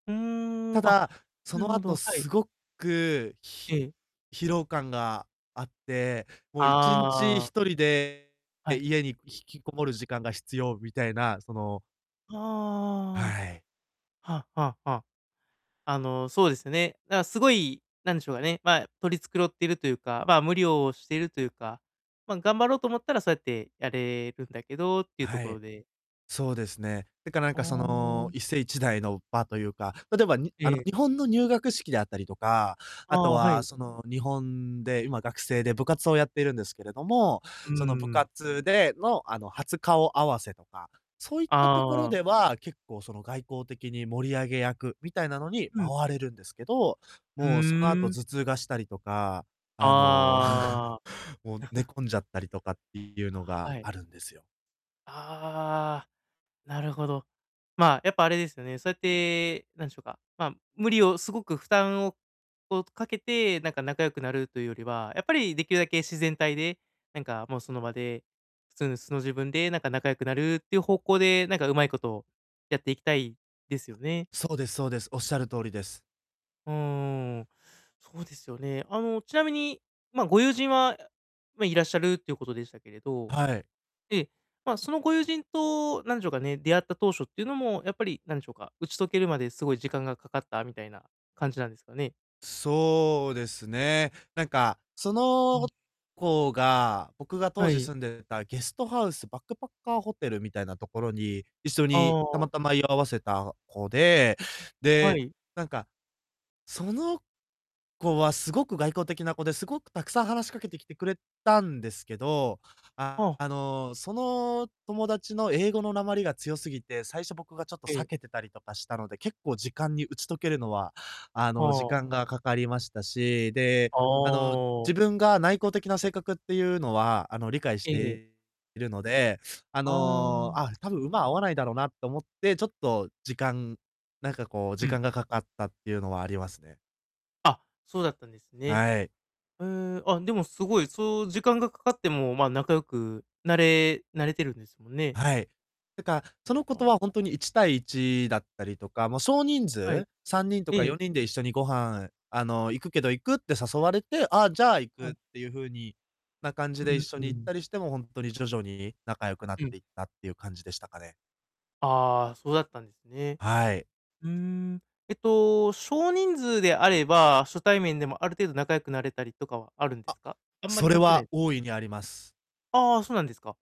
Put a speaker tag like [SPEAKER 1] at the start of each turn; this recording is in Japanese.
[SPEAKER 1] うー
[SPEAKER 2] た
[SPEAKER 1] ん、あ、
[SPEAKER 2] だ、そ
[SPEAKER 1] なる
[SPEAKER 2] の
[SPEAKER 1] ほど、
[SPEAKER 2] 後
[SPEAKER 1] はい。
[SPEAKER 2] すごく、ひ
[SPEAKER 1] ええ。
[SPEAKER 2] 疲労感があって、もう、1日、
[SPEAKER 1] ああ。
[SPEAKER 2] 1人で、
[SPEAKER 1] はい。
[SPEAKER 2] 家に引きこもる時間が必要みたいな、そのは
[SPEAKER 1] あ
[SPEAKER 2] い。
[SPEAKER 1] あああああ。はあはあはあ。あの、そうですね。だすごい、なんでしょうかね、ま、取り繕ってるというか、ま、無理をしているというか、ま、頑張ろうと思ったらそうやってやれるんだけどっていうと
[SPEAKER 2] は
[SPEAKER 1] ころ
[SPEAKER 2] い。
[SPEAKER 1] で
[SPEAKER 2] そうですね。だか、なん
[SPEAKER 1] あ
[SPEAKER 2] か、その、
[SPEAKER 1] あ。
[SPEAKER 2] 一世一代の場というか、例えば、にあの、
[SPEAKER 1] ええ。
[SPEAKER 2] 日本の入学式であったりとか、
[SPEAKER 1] あ
[SPEAKER 2] あと
[SPEAKER 1] あ、は
[SPEAKER 2] は、
[SPEAKER 1] い。
[SPEAKER 2] その、日本で今、学生で部活をやっているんですけれども、
[SPEAKER 1] うー
[SPEAKER 2] その部
[SPEAKER 1] ん。
[SPEAKER 2] 活での、あの、初顔合わせとか、そういったところ
[SPEAKER 1] ああ。
[SPEAKER 2] では、結構、その、外交的に盛り上げ役みたいなのに
[SPEAKER 1] うん。
[SPEAKER 2] 回れるんですけど、
[SPEAKER 1] ふう
[SPEAKER 2] もう、その後
[SPEAKER 1] ん。
[SPEAKER 2] 頭痛がしたりとか、あの、
[SPEAKER 1] あ
[SPEAKER 2] もう
[SPEAKER 1] あ。
[SPEAKER 2] 寝 込んじゃったりとかっていうの
[SPEAKER 1] は
[SPEAKER 2] が
[SPEAKER 1] い。
[SPEAKER 2] あるんですよ。
[SPEAKER 1] ああ、なるほど。まあ、やっぱあれですよね、そうやって、なんでしょうか、ま、無理をすごく負担をを、かけてなんか仲良くなるというよりは、やっぱりできるだけ自然体で、なんかもう、その場で、普通の素の自分で、なんか仲良くなるっていう方向で、なんかうまいことやっていきたいですよね。
[SPEAKER 2] そうですそうです。おっしゃる通りです。
[SPEAKER 1] ふーん。そうですよね。あの、ちなみに、ま、ご友人は、あ、ま、いらっしゃるということでしたけれど、
[SPEAKER 2] はい。
[SPEAKER 1] で、ま、そのご友人と、なんでしょうかね、出会った当初っていうのもやっぱり、なんでしょうか、打ち解けるまで、すごい時間がかかったみたいな感じなんですかね？
[SPEAKER 2] そうですね。なんか、そ
[SPEAKER 1] う
[SPEAKER 2] の
[SPEAKER 1] ん。
[SPEAKER 2] 子が、僕が
[SPEAKER 1] は
[SPEAKER 2] 当時
[SPEAKER 1] い。
[SPEAKER 2] 住んでたゲストハウスバックパッカーホテルみたいなところに、一緒に
[SPEAKER 1] あ
[SPEAKER 2] たま
[SPEAKER 1] あ。
[SPEAKER 2] たま居合わせた子で、
[SPEAKER 1] は
[SPEAKER 2] で、
[SPEAKER 1] い。
[SPEAKER 2] なんか、その子はすごく外交的な子で、すごくたくさん話しかけてきてくれたんですけど、
[SPEAKER 1] は
[SPEAKER 2] あ
[SPEAKER 1] あ。
[SPEAKER 2] の、その友達の英語の訛りが強すぎて、最初僕がちょっと
[SPEAKER 1] え
[SPEAKER 2] 避
[SPEAKER 1] え。
[SPEAKER 2] けてたりとかしたので、結構、時間に打ち解けるのは、あの、時
[SPEAKER 1] はあ。
[SPEAKER 2] 間がかかりましたし、で、
[SPEAKER 1] あ
[SPEAKER 2] あの、自
[SPEAKER 1] あ。
[SPEAKER 2] 分が内向的な性格っていうのは、あの、理解し
[SPEAKER 1] ええ。
[SPEAKER 2] ているので、あ
[SPEAKER 1] あ
[SPEAKER 2] の、
[SPEAKER 1] あ。
[SPEAKER 2] あ、たぶん、馬合わないだろうなと思って、ちょっと時間なんかこう、
[SPEAKER 1] う
[SPEAKER 2] 時
[SPEAKER 1] ん。
[SPEAKER 2] 間がかかったっていうのはありますね。
[SPEAKER 1] あ、そうだったんですね。
[SPEAKER 2] はい。
[SPEAKER 1] へえ、あ、でもすごい、そう時間がかかっても、まあ、仲良くなれなれてるんですもんね。
[SPEAKER 2] はい。なんか、その
[SPEAKER 1] あ
[SPEAKER 2] 子
[SPEAKER 1] あ、
[SPEAKER 2] と
[SPEAKER 1] は
[SPEAKER 2] はほんと
[SPEAKER 1] あ。
[SPEAKER 2] に、1対1だったりとか、ま、少人
[SPEAKER 1] は
[SPEAKER 2] 数、
[SPEAKER 1] い。
[SPEAKER 2] 3人と
[SPEAKER 1] え
[SPEAKER 2] かさ
[SPEAKER 1] え。
[SPEAKER 2] んにんで「一緒にご飯、あの、行くけど、行く？」って誘われて「あ、じゃあ、行
[SPEAKER 1] は
[SPEAKER 2] く」
[SPEAKER 1] い。
[SPEAKER 2] っていうふうにな感じ
[SPEAKER 1] う
[SPEAKER 2] で一
[SPEAKER 1] ん
[SPEAKER 2] 緒
[SPEAKER 1] う
[SPEAKER 2] に行っ
[SPEAKER 1] ん。
[SPEAKER 2] たりして、も、ほんとに徐々に仲良くなっ
[SPEAKER 1] うん。
[SPEAKER 2] ていったっていう感じでしたかね。
[SPEAKER 1] ああ、そうだったんですね。
[SPEAKER 2] はい。
[SPEAKER 1] うーん。えっと、少人数であれば、初対面でもある程度仲良くなれたりとかはあるんで
[SPEAKER 2] あ、
[SPEAKER 1] すか？あんまり
[SPEAKER 2] それ
[SPEAKER 1] 関係な
[SPEAKER 2] は
[SPEAKER 1] い？
[SPEAKER 2] 大いにあります。
[SPEAKER 1] ああ、そうなんですか。